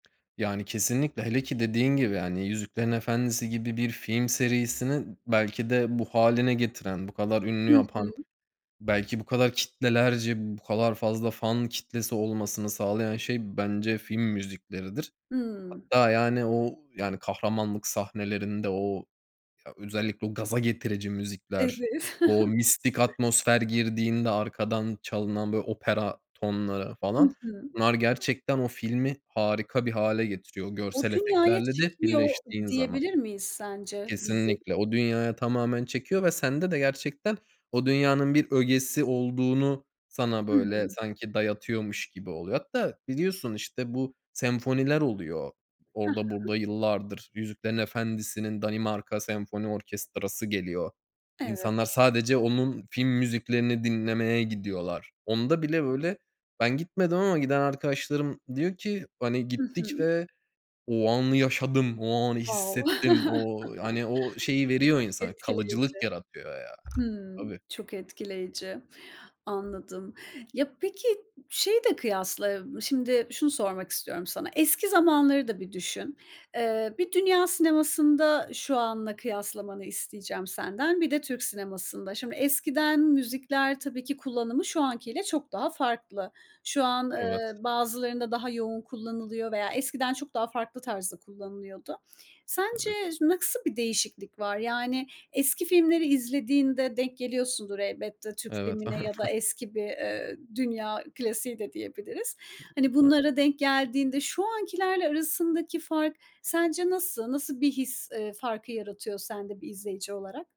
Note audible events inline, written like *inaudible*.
Yani, kesinlikle, hele ki, dediğin gibi, yani, Yüzüklerin Efendisi gibi bir film serisini belki de bu hâline getiren, bu kadar ünlü Hı yapan, hı. belki bu kadar kitlelerce, bu kadar fazla fan kitlesi olmasını sağlayan şey, bence film müzikleridir. Hıı. Hatta, yani, o, yani, kahramanlık sahnelerinde o ya, özellikle o gaza getirici müzikler, Evet. o *chuckles* mistik atmosfer girdiğinde arkadan çalınan bir opera tonları Hı falan. hı. Bunlar gerçekten o filmi harika bir hâle getiriyor, o O görsel dünyaya efektlerle de çekiliyor birleştiğin zaman. diyebilir miyiz sence, bizi? Kesinlikle. O dünyaya tamamen çekiyor ve sende de gerçekten o dünyanın bir ögesi olduğunu sana, böyle, Hıı. sanki, dayatıyormuş gibi oluyor. Hatta biliyorsun, işte, bu senfoniler oluyor, He orda, he. burda. Yıllardır Yüzüklerin Efendisi'nin Danimarka Senfoni Orkestrası geliyor. Evet. İnsanlar sadece onun film müziklerini dinlemeye gidiyorlar. Onda bile, böyle, ben gitmedim ama giden arkadaşlarım diyor ki, "Hani, Hı gittik hı. ve o anı yaşadım, o anı Wow. hissettim." O, hani, o şeyi *chuckles* veriyor Çok insana, etkileyici. kalıcılık yaratıyor, ya. Hımm. Tabii. Çok etkileyici. Anladım. Ya, peki, şeyi de kıyasla, ı şimdi şunu sormak istiyorum sana. Eski zamanları da bir düşün. Eee, bir dünya sinemasında şu anla kıyaslamanı isteyeceğim senden, bir de Türk sinemasında. Şimdi eskiden müzikler, tabii ki, kullanımı şu anki ile çok daha farklı. Şu an, Evet. eee, bazılarında daha yoğun kullanılıyor veya eskiden çok daha farklı tarzda kullanılıyordu. Evet. Sence ş nasıl bir değişiklik var? Yani, eski filmleri izlediğinde denk geliyorsundur elbette. Türk Evet. filmine ya da *chuckles* eski bir, eee, dünya klasiği de diyebiliriz. Hani, *unintelligible* bunlara denk geldiğinde şu ankilerle arasındaki fark sence nasıl? Nasıl bir his, eee, farkı yaratıyor sende bir izleyici olarak?